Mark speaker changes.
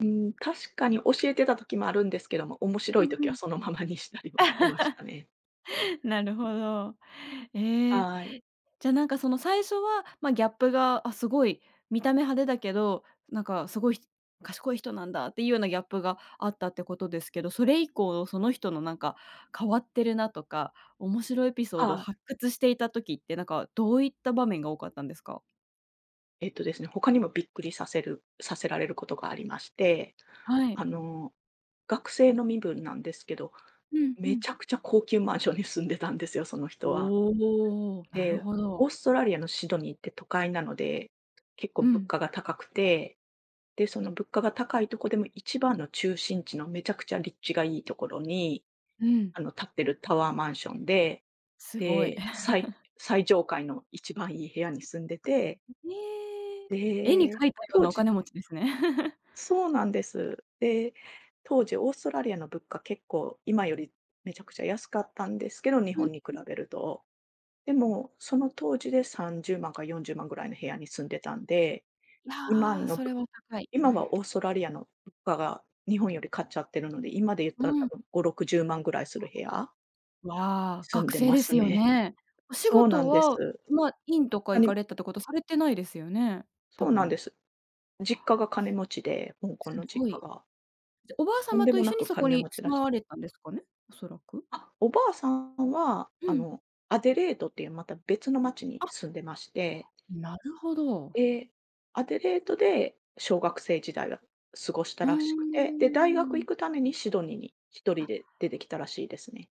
Speaker 1: うーん、確かに教えてた時もあるんですけども、面白
Speaker 2: う
Speaker 1: い時
Speaker 2: んう
Speaker 1: は
Speaker 2: ん。
Speaker 1: そのままにしたりもしてましたね。
Speaker 2: なるほど。ええ、
Speaker 1: はい。
Speaker 2: じゃなんかその最初は、ま、ギャップが、あ、すごい見た目派手だけど、なんかすごい、ひ賢い人なんだっていうようなギャップがあったってことですけど、それ以降その人のなんか変わってるなとか、面白エピソードを
Speaker 1: はい。
Speaker 2: 発掘していた時ってなんか、どういった場面が多かったんですか？
Speaker 1: えっとですね、他にもびっくりさせるさせられることがありまして、
Speaker 2: はい。
Speaker 1: あの、学生の身分なんですけど、
Speaker 2: うんう
Speaker 1: め
Speaker 2: ん。
Speaker 1: ちゃくちゃ高級マンションに住んでたんですよ、その人は。
Speaker 2: おお、なる
Speaker 1: で、
Speaker 2: ほ
Speaker 1: オー
Speaker 2: ど。
Speaker 1: ストラリアのシドニーって都会なので、結構
Speaker 2: う
Speaker 1: 物
Speaker 2: ん。
Speaker 1: 価が高くて、で、その物価が高いとこでも一番の中心地のめちゃくちゃ立地がいいところに、
Speaker 2: うん。
Speaker 1: あの、立っているタワーマンションで、
Speaker 2: すごい。
Speaker 1: で、最 最上階の一番いい部屋に住んでて。
Speaker 2: うへえ、絵に
Speaker 1: で、
Speaker 2: 描いたよう
Speaker 1: 当
Speaker 2: なお
Speaker 1: 時
Speaker 2: 金持ちですね。
Speaker 1: そうなんです。で、当時オーストラリアの物価結構今よりめちゃくちゃ安かったんですけど、日
Speaker 2: うん
Speaker 1: 本に比
Speaker 2: うん。
Speaker 1: べると。でもその当時で30万か40万ぐらいの部屋に住んでたんで、
Speaker 2: い
Speaker 1: 今
Speaker 2: や、
Speaker 1: の
Speaker 2: そ
Speaker 1: ぶ
Speaker 2: れは高い。う
Speaker 1: 今
Speaker 2: ん。
Speaker 1: はオーストラリアの物価が日本より勝っちゃってるので、今で言っ
Speaker 2: う
Speaker 1: たら多
Speaker 2: ん。
Speaker 1: 分5、60万ぐらいする部屋。
Speaker 2: うわ、
Speaker 1: 住ん
Speaker 2: 学
Speaker 1: で
Speaker 2: 生
Speaker 1: ま
Speaker 2: で
Speaker 1: す
Speaker 2: すよ
Speaker 1: ね。
Speaker 2: ね？お仕
Speaker 1: そうな
Speaker 2: 事
Speaker 1: んです。
Speaker 2: は、ま、院とか
Speaker 1: な
Speaker 2: 行か
Speaker 1: に
Speaker 2: れたってこと、されてないですよね？多
Speaker 1: そうな
Speaker 2: 分。
Speaker 1: ん
Speaker 2: ああ、
Speaker 1: です。実家が金持ちで。香港
Speaker 2: すす
Speaker 1: の実
Speaker 2: ご
Speaker 1: 家
Speaker 2: い。
Speaker 1: が。
Speaker 2: じゃ、おばあ
Speaker 1: とん
Speaker 2: 様
Speaker 1: で
Speaker 2: と
Speaker 1: も
Speaker 2: 一
Speaker 1: な
Speaker 2: 緒に
Speaker 1: く
Speaker 2: そこ
Speaker 1: 金
Speaker 2: に
Speaker 1: 持ち
Speaker 2: 住
Speaker 1: ら
Speaker 2: ま
Speaker 1: し
Speaker 2: われたんですかね、おそらく。
Speaker 1: あ、おばあさんは、
Speaker 2: う
Speaker 1: あ
Speaker 2: ん。
Speaker 1: の、アデレードっていうまた別の街に
Speaker 2: あ。
Speaker 1: 住んでまして
Speaker 2: なるほど。
Speaker 1: ええ、アデレートで小学生時代は過ごし
Speaker 2: う
Speaker 1: た
Speaker 2: ー
Speaker 1: らしくて、で、大学
Speaker 2: ん。
Speaker 1: 行くためにシドニーに一人
Speaker 2: あ。
Speaker 1: で出てきたらしいですね。